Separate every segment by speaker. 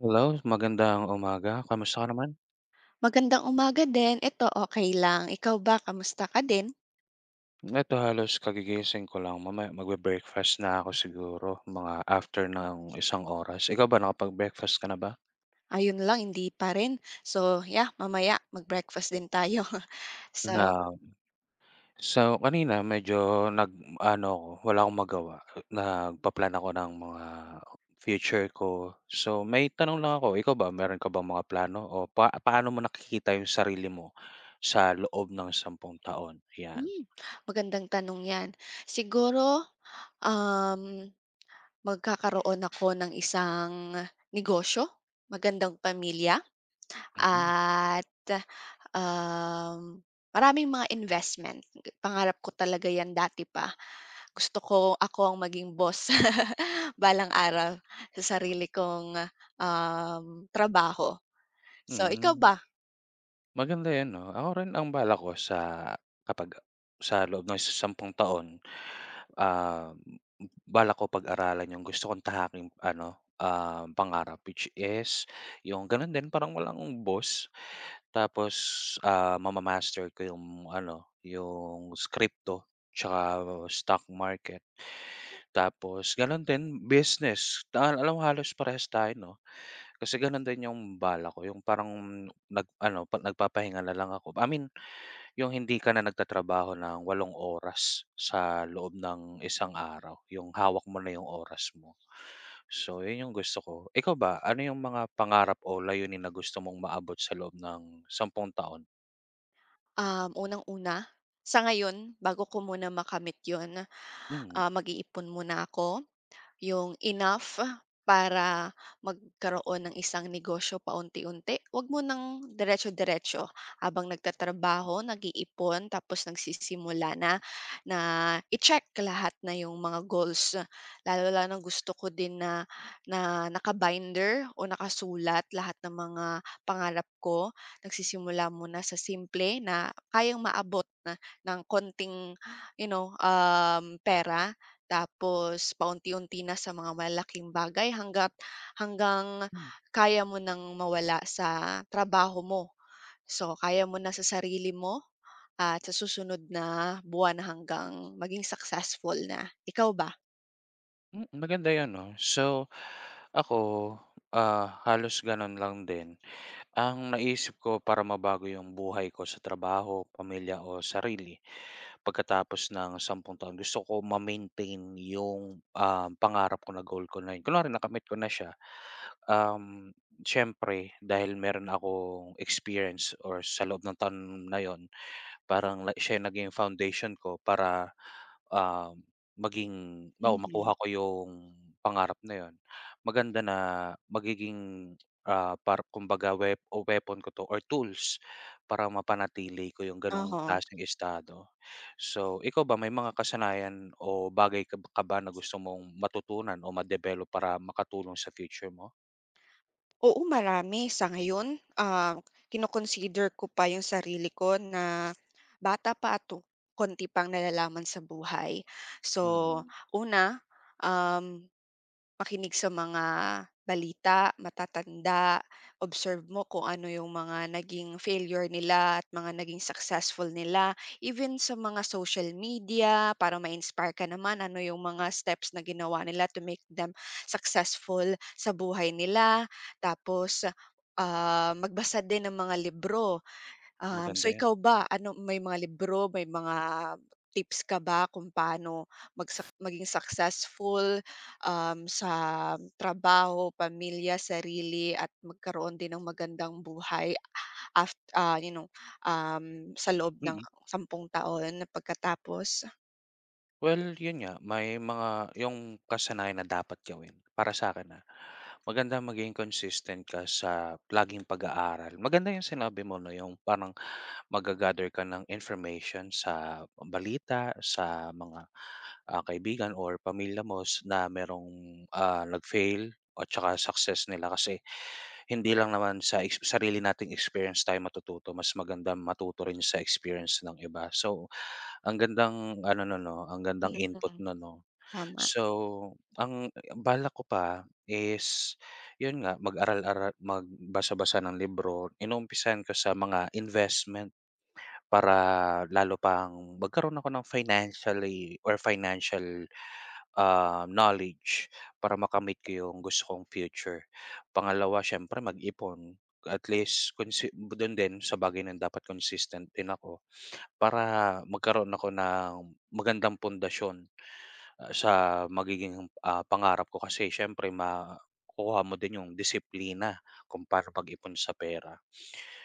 Speaker 1: Hello, magandang umaga. Kamusta ka naman?
Speaker 2: Magandang umaga din, ito okey lang. Ikaw ba, kamusta ka din?
Speaker 1: Ito, halos kagigising ko lang. Mamaya magbe-breakfast na ako siguro, mga after ng isang oras. Ikaw ba, nakapag-breakfast ka na ba?
Speaker 2: Ayon lang, hindi pa rin. So yeah, mamaya mag-breakfast din tayo, So
Speaker 1: Um. So, kanina medyo nag-aano ako, wala akong magawa, nagpa-plan ako ng mga future ko. So may tanong lang ako, ikaw ba meron ka bang mga plano o pa paano mo nakikita 'yong sarili mo sa loob ng sampung taon? 'Yan.
Speaker 2: Hmm, magandang tanong 'yan. Siguro, um, magkakaroon ako ng isang negosyo, magandang pamilya
Speaker 1: Mm.
Speaker 2: at, um, maraming mga investment. Pangarap ko talaga 'yan dati pa. Gusto ko, ako ang maging boss balang araw sa sarili kong, um, trabaho. So, ikaw
Speaker 1: Mm.
Speaker 2: ba?
Speaker 1: Maganda 'yan, no? Ako rin ang balak ko sa kapag sa loob ng isa sampung taon, ah, m m balak ko pag-aralan 'yong gusto kong tahaking ano, um, pangarap, which is 'yong gano'n din, parang walang boss. Tapos, ah, mamamaster ko 'yong ano, 'yong s crypto 'tsaka stock market. Tapos gano'n din business, tahan alam halos parehas tayo, 'no? Kasi gano'n din 'yong balak ko, 'yong parang nag-ano, 'pa nagpapahinga na lang ako. I mean, 'yong hindi ka na nagtatrabaho nang walong oras, sa loob nang isang araw. 'Yong hawak mo na 'yong oras mo, so 'yon 'yong gusto ko. Ikaw ba, ano 'yong mga pangarap o layunin na gusto mong maabot sa loob ng sampung taon?
Speaker 2: Um, unang-una, sa ngayon, bago ko muna makamit 'yon,
Speaker 1: Mm.
Speaker 2: ah, mag-iipon muna 'ko. 'Yong enough, para magkaroon ng isang negosyo paunti-unti. Huwag munang diretso-diretso, habang nagtatrabaho, nag-iipon, tapos nagsisimula na, na i-check lahat na 'yong mga goals. Lalong lalo na gusto ko din na, na naka-binder o nakasulat lahat ng mga pangarap ko. Nagsisimula muna sa simple na kayang maabot ng kaunting, you know, um, pera. Tapos, paunti-unti na sa mga malalaking bagay, hangga't hanggang
Speaker 1: M.
Speaker 2: kaya mo nang mawala sa trabaho mo. So kaya mo na sa sarili mo at sa susunod na buwan hanggang maging successful na. Ikaw ba?
Speaker 1: M. Maganda 'yon, 'no? So, ako, ah, halos gano'n lang din. Ang naisip ko para mabago 'yong buhay ko sa trabaho, pamilya o sarili, pagkatapos ng sampung taon, gusto ko ma-maintain 'yong, ah, pangarap ko na goal ko na 'yo kunwari nakamit ko na siya. Um, siyempre dahil meron akong experience or sa loob ng taon na 'yon parang na siya 'yong naging foundation ko para, ah, maging halimbawa makuha
Speaker 2: Mhm.
Speaker 1: ko 'yong pangarap na 'yon. Maganda na magiging, ah, para kumbaga wep o weapon ko 'to or tools para mapanatili ko 'yong ganoong
Speaker 2: Uh-huh.
Speaker 1: klaseng estado. So ikaw ba, may mga kasanayan o bagay kab ka ba, na gusto mong matutunan o madevelop para makatulong sa future mo?
Speaker 2: Oo, marami, sa ngayon? Ah, kino-consider ko pa 'yong sarili ko, na bata pa, ah, to kaunti pang nalalaman sa buhay. So
Speaker 1: Mm.
Speaker 2: una, um, makinig sa mga balita, matatanda. Observe mo kung ano 'yong mga naging failure nila at mga naging successful nila. Even sa mga social media, para ma-inspire ka naman, ano 'yong mga steps na ginawa nila to make them successful sa buhay nila. Tapos, ah, magbasa din ng mga libro. Um,
Speaker 1: Maganda
Speaker 2: so
Speaker 1: 'yan.
Speaker 2: ikaw ba, ano may mga libro, may mga tips ka ba kung paano magsak maging successful, um, sa trabaho, pamilya, sarili at magkaroon din ng magandang buhay af ah, you know, um, sa loob ng
Speaker 1: Mm.
Speaker 2: sampung taon, na pagkatapos?
Speaker 1: Well 'yon nga, may mga 'yong kasanayan na dapat gawin, para sa 'kin, ah. Magandang maging consistent ka sa laging pag-aaral. Maganda 'yong sinabi mo na 'yong parang mag-gagather ka ng information sa, ah, balita, sa mga, ah, kaibigan or pamilya mo s na mayroong, ah, nag-fail o tsaka success nila. Kasi, hindi lang naman sa exp sarili nating experience tayo matututo, mas magandang matuto rin sa experience ng iba. So, ang gandang ano non, 'no, ang gandang
Speaker 2: Kilos
Speaker 1: input
Speaker 2: lang.
Speaker 1: no'n, no?
Speaker 2: Tama.
Speaker 1: So ang, eh, ang balak ko pa is 'yon nga, mag-aral-ara magbasa-basa ng libro. Inuumpisahan ko sa mga investment, para lalo pang magkaroon ako ng financially or financial, ah, knowledge para makamit ko 'yong gusto kong future. Pangalawa siyempre mag-ipon at least consi dun din sa bagay na 'yon dapat consistent din ako para magkaroon ako ng magandang pundasyon, ah, sa magiging, ah, pangarap ko. Kasi siyempre makukuha mo din 'yong disiplina kung paano mag-ipon sa pera.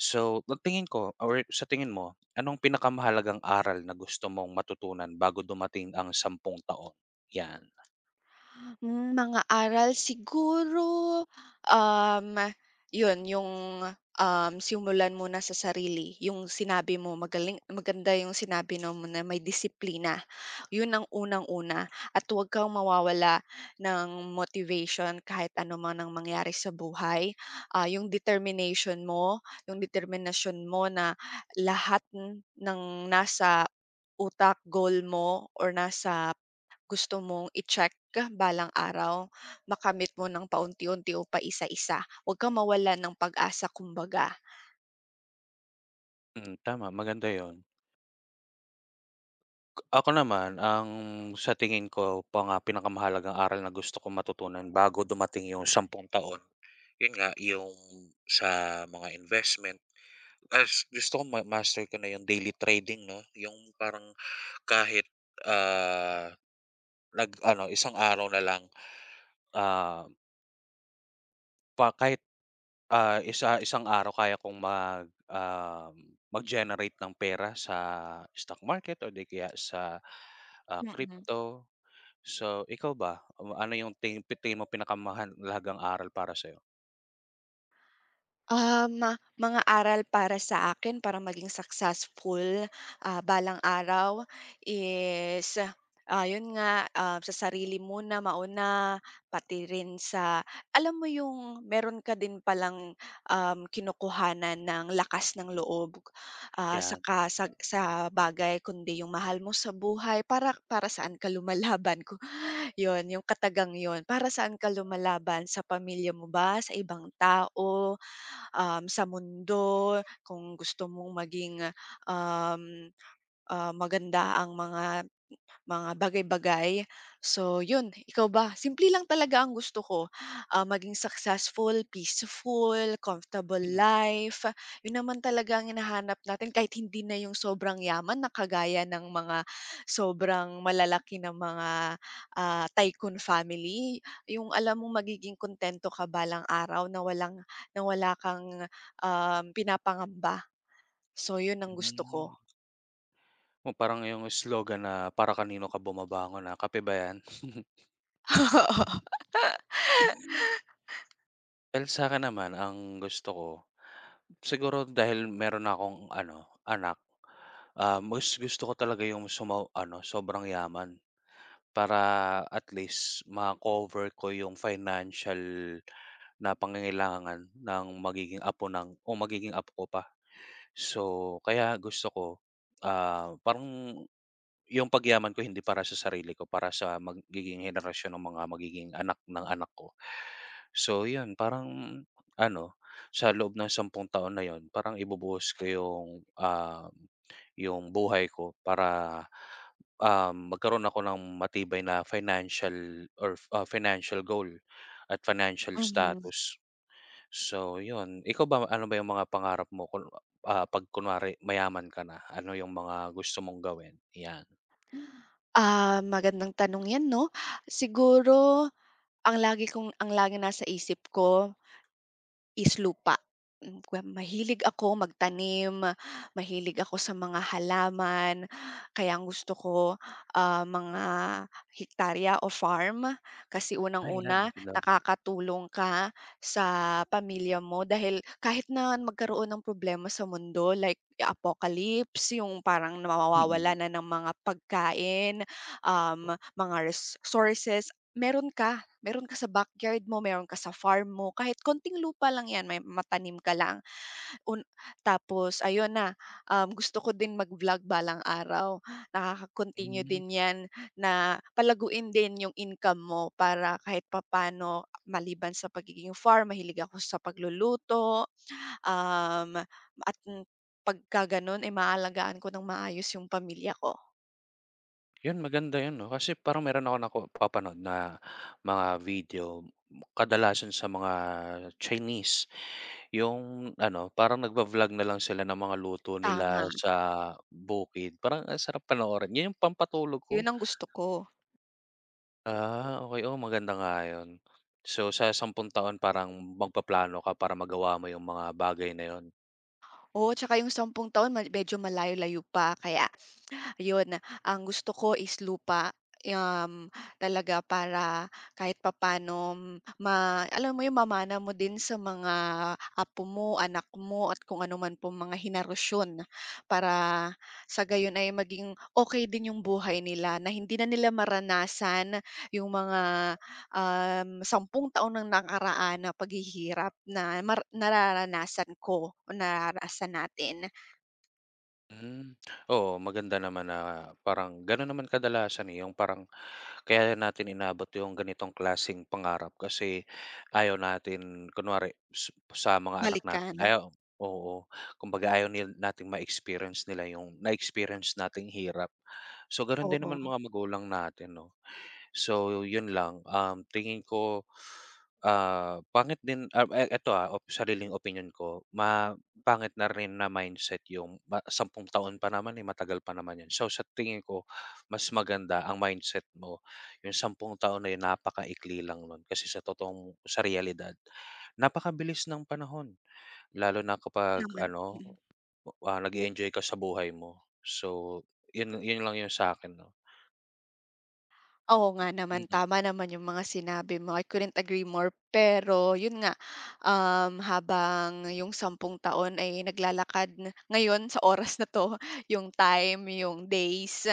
Speaker 1: So ang tingin ko aware sa tingin mo, anong pinakamahalagang aral na gusto mong matutunan bago dumating ang sampung taon? 'Yan.
Speaker 2: Hmm, mga aral? Siguro, um, 'yon 'yong, um, simulan muna sa sarili, 'yong sinabi mo. Magaling maganda 'yong sinabi na mo na, may disiplina. 'Yon ang unang-una at huwag kang mawawala ng motivation kahit ano man ang mangyari sa buhay. Ah, 'yong determination mo, 'yong determinasyon mo na lahat n ng nasa utak, goal mo or nasa gusto mong i-check balang araw, makamit mo nang paunti-unti o paisa-isa. Huwag kang mawalan ng pag-asa, kumbaga.
Speaker 1: Hmm, tama maganda 'yon. Ako naman, ang sa tingin ko pa nga pinakamahalagang aral na gusto kong matutunan bago dumating 'yong sampung taon, 'yon nga, 'yong sa mga investment is gusto kong mamaster ko na, 'yong daily trading, 'no? 'Yong parang kahit, ah, nag-ano, isang araw na lang, ah pa kahit, ah, isa isang araw kaya kong mag, um, mag-generate ng pera sa stock market or 'di kaya sa, ah,
Speaker 2: Mm.
Speaker 1: crypto. So ikaw ba, u ano 'yong ting pi tingin mong pinakamahalagang aral para sa'yo?
Speaker 2: Um, mga aral para sa akin, para maging successful, ah, balang araw is, ah, 'yon nga, um, sa sarili muna mauna, pati rin sa alam mo 'yong meron ka din palang, um, kinukuhanan ng lakas ng loob, ah,
Speaker 1: 'Yan.
Speaker 2: saka sag sa bagay kundi 'yong mahal mo sa buhay. Para para saan ka lumalaban, ku 'yon, 'yong katagang 'yon. Para saan ka lumalaban, sa pamilya mo ba, sa ibang tao, um, sa mundo, kung gusto mong maging, um, ah, maganda ang mga m mga bagay-bagay. So 'yon, ikaw ba? Simple lang talaga ang gusto ko, ah, maging successful, peaceful, comfortable
Speaker 1: Mm.
Speaker 2: life. 'Yon naman talaga ang hinahanap natin kahit hindi na 'yong sobrang yaman na kagaya ng mga sobrang malalaki na mga, ah, tycoon family. 'Yong alam mong magiging kuntento ka balang araw, na walang, na wala kang, um, pinapangamba. So 'yon ang gusto
Speaker 1: Hmm.
Speaker 2: ko.
Speaker 1: Oh, parang 'yong slogan na, para kanino ka bumabangon, ah, kape ba yan? [unintelligible] Well sa'kin naman, ang gusto ko, siguro dahil meron na akong ano, anak, ah, mas gusto ko talaga 'yong sumo ano, sobrang yaman. Para at least ma-cover ko 'yong financial na pangangailangan ng magiging apo ng o magiging apo ko pa. So, kaya gusto ko, ah, parang 'yong pagyaman ko hindi para sa sarili ko, para sa magiging henerasyon ng mga magiging anak ng anak ko. So 'yon, parang ano, sa loob ng sampung taon na 'yon, parang ibubuhos ko 'yong, ah, 'yong buhay ko para, ah, magkaroon ako ng matibay na financial orf o financial goal at financial
Speaker 2: Mhm.
Speaker 1: status. So 'yon, ikaw ba, ano ba 'yong mga pangarap mo? Kunwa ah 'pag kunwari mayaman ka na, ano 'yong mga gusto mong gawin? 'Yan.
Speaker 2: Ah, magandang tanong 'yan 'no. Siguro, ang lagi kong ang laging nasa isip ko is lupa. Hmm, kwe mahilig ako magtanim, mahilig ako sa mga halaman. Kaya ang gusto ko, ah, mga hektarya o farm? Kasi
Speaker 1: Ay, ilan ba
Speaker 2: unang-una,
Speaker 1: sila?
Speaker 2: nakakatulong ka sa pamilya mo dahil kahit na magkaroon ng problema sa mundo, like ya apocalypse, yung parang na
Speaker 1: Mm.
Speaker 2: mawawalan na ng mga pagkain, um, mga res sources, meron ka. Meron ka sa backyard mo, meron ka sa farm mo. Kahit konting lupa lang 'yan, may matanim ka lang. Un tapos ayun na, um, gusto ko din mag-vlog balang araw. Nakaka-continue
Speaker 1: Hmm.
Speaker 2: din 'yan na palaguin din yung income mo para kahit papaano, maliban sa pagiging farm, mahilig ako sa pagluluto, um, at pagka gano'n, eh, maaalagaan ko ng maayos yung pamilya ko.
Speaker 1: Yun, maganda yun 'no kasi parang meron akong nako papanood na mga video, kadalasan sa mga Chinese. Yung ano, parang nagva-vlog na lang sila ng mga luto nila
Speaker 2: Tama.
Speaker 1: sa bukid. Parang ang sarap panoorin. Yun yung pampatulog ko.
Speaker 2: Yun ang gusto ko.
Speaker 1: Ah, okey. Oo, maganda nga 'yon. So sa sampung taon parang magpaplano ka para magawa mo 'yong mga bagay na 'yon?
Speaker 2: Oo, tsaka yung sampung taon mal medyo malayo-layo pa, kaya, yun. Ang gusto ko is lupa, yam, talaga para kahit papaano m ma alam mo yung mamana mo din sa mga apo mo, anak mo, at kung ano man pong mga henerasyon. Para sa gayon ay maging okey din yung buhay nila na hindi na nila maranasan yung mga, um, sampung taon ng nakaraan na paghihirap na mara nararanasan ko, nararanasan natin.
Speaker 1: Hmm. Oo, maganda naman na parang gano'n naman kadalasan eh. 'Yong parang, kaya 'yan natin inaabot 'yong ganitong klaseng pangarap kasi ayaw natin kunwari su sa mga anak
Speaker 2: Balik ka
Speaker 1: natin
Speaker 2: na.
Speaker 1: ayaw oo. Kumbaga ayaw nil nating ma-experience nila 'yong na-experience nating hirap. So gano'n din naman
Speaker 2: Oo.
Speaker 1: mga magulang natin 'no. So 'yon lang. Um, tingin ko, ah, pangit din, ah, eh, eto ha, op sariling opinyon ko ma pangit na rin na mindset 'yong pa sampung taon pa naman eh, matagal pa naman 'yon. So sa tingin ko, mas maganda ang mindset mo, 'yong sampung taon ay napakaikli lang no'n. Kasi sa totoong sa realidad, napakabilis ng panahon. Lalo na kapag
Speaker 2: Naman.
Speaker 1: ano,
Speaker 2: Mm.
Speaker 1: ah, nag-eenjoy ka sa buhay mo. So 'yon 'yon lang 'yung sa'kin 'no.
Speaker 2: Oo nga naman.
Speaker 1: Mm.
Speaker 2: Tama naman yung mga sinabi mo. I couldn't agree more pero yun nga, um, habang yung sampung taon ay naglalakad ngayon sa oras na 'to, yung time, yung days,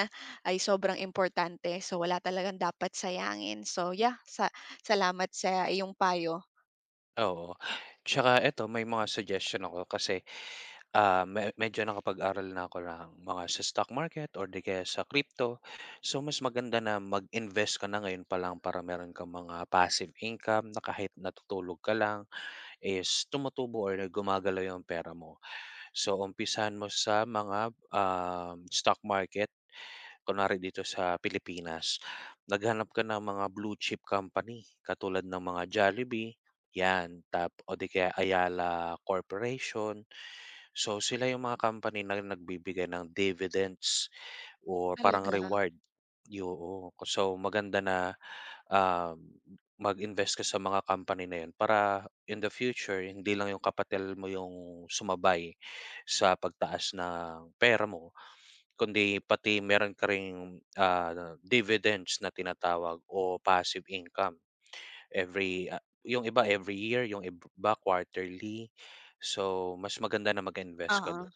Speaker 2: ay sobrang importante. So, wala talagang dapat sayangin. So yeah, sa salamat sa iyong payo.
Speaker 1: Oo. Tsaka eto, may mga suggestion ako kasi, ah, me medyo nakapag-aral na ako ng mga sa stock market or 'di kaya sa crypto. So mas maganda na mag-invest ka na ngayon pa lang para meron kang mga passive income na kahit natutulog ka lang is tumutubo or gumagalaw yung pera mo. So umpisahan mo sa mga, ah, stock market. Kunwari dito sa Pilipinas, naghanap ka ng mga blue chip company, katulad ng mga Jollibee, yan. Tap o 'di kaya Ayala Corporation. So sila 'yong mga company na nagbibigay ng dividends or parang
Speaker 2: Talaga?
Speaker 1: reward. Yung ko so maganda na, ah, mag-invest ka sa mga company na 'yon para in the future, hindi lang 'yong kapital mo 'yong sumabay sa pagtaas ng pera mo kundi pati meron ka ring, ah, dividends na tinatawag o passive income. Every, ah, yung iba every year, yung iba quarterly. So, mas maganda na mag-invest ka
Speaker 2: Oo.
Speaker 1: do'n.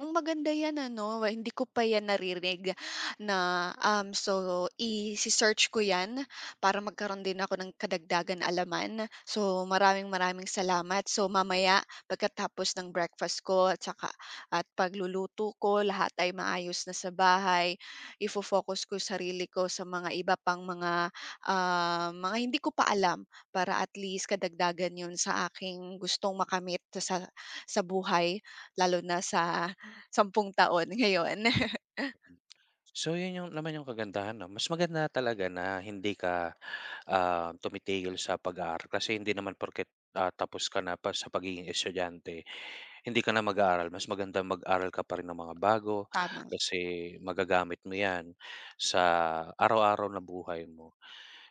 Speaker 2: Hmm, maganda 'yan ano. We hindi ko pa 'yan narinig na um, so ise-search ko 'yan para magkaroon din ako ng kadagdagan kaalaman. So maraming maraming salamat. So mamaya, pagkatapos ng breakfast ko at saka at pagluluto ko, lahat ay maayos na sa bahay, ifo-focus ko sarili ko sa mga iba pang mga, ah, mga hindi ko pa alam. Para at least, karagdagan yun sa aking gustong makamit sa sa buhay lalo na sa sampung taon ngayon.
Speaker 1: So 'yon 'yong naman 'yong kagandahan 'no. Mas maganda talaga na hindi ka, ah, tumitigil sa pag-aaral kasi hindi naman porket, ah, tapos ka na pa sa pagiging estudyante, hindi ka na mag-aaral. Mas magandang mag-aral ka pa rin ng mga bago
Speaker 2: Tama.
Speaker 1: kasi magagamit mo 'yan sa araw-araw na buhay mo.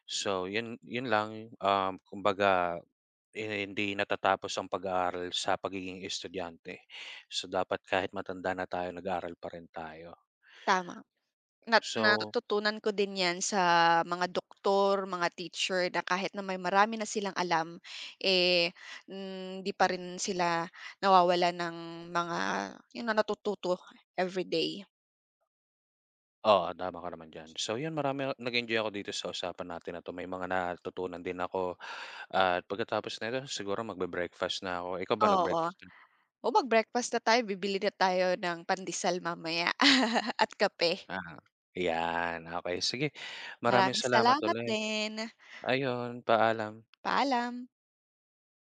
Speaker 1: So 'yon 'yon lang, um, kumbaga 'di na hindi natatapos ang pag-aaral sa pagiging estudyante. So dapat kahit matanda na tayo, nag-aaral pa rin tayo
Speaker 2: Tama. Nat
Speaker 1: So
Speaker 2: natutunan ko din 'yan sa mga doktor, mga teacher na kahit na may marami na silang alam, eh, hindi pa rin sila nawawalan ng mga 'yon na, natututo everyday.
Speaker 1: Oo, tama ka naman diyan. So 'yon, marami ako nag-enjoy ako dito sa usapan natin na 'to. May mga natutunan din ako at pagkatapos nito siguro magbe-breakfast na ako. Ikaw ba
Speaker 2: Oo.
Speaker 1: nag-breakfast ka na?
Speaker 2: Oh, mag-breakfast na tayo. Bibili na tayo ng pandesal mamaya. At kape.
Speaker 1: Ah. 'Yan. Okey. Sige, maraming
Speaker 2: Maraming
Speaker 1: salamat
Speaker 2: salamat
Speaker 1: ulit.
Speaker 2: din.
Speaker 1: Ayun, paalam.
Speaker 2: Paalam.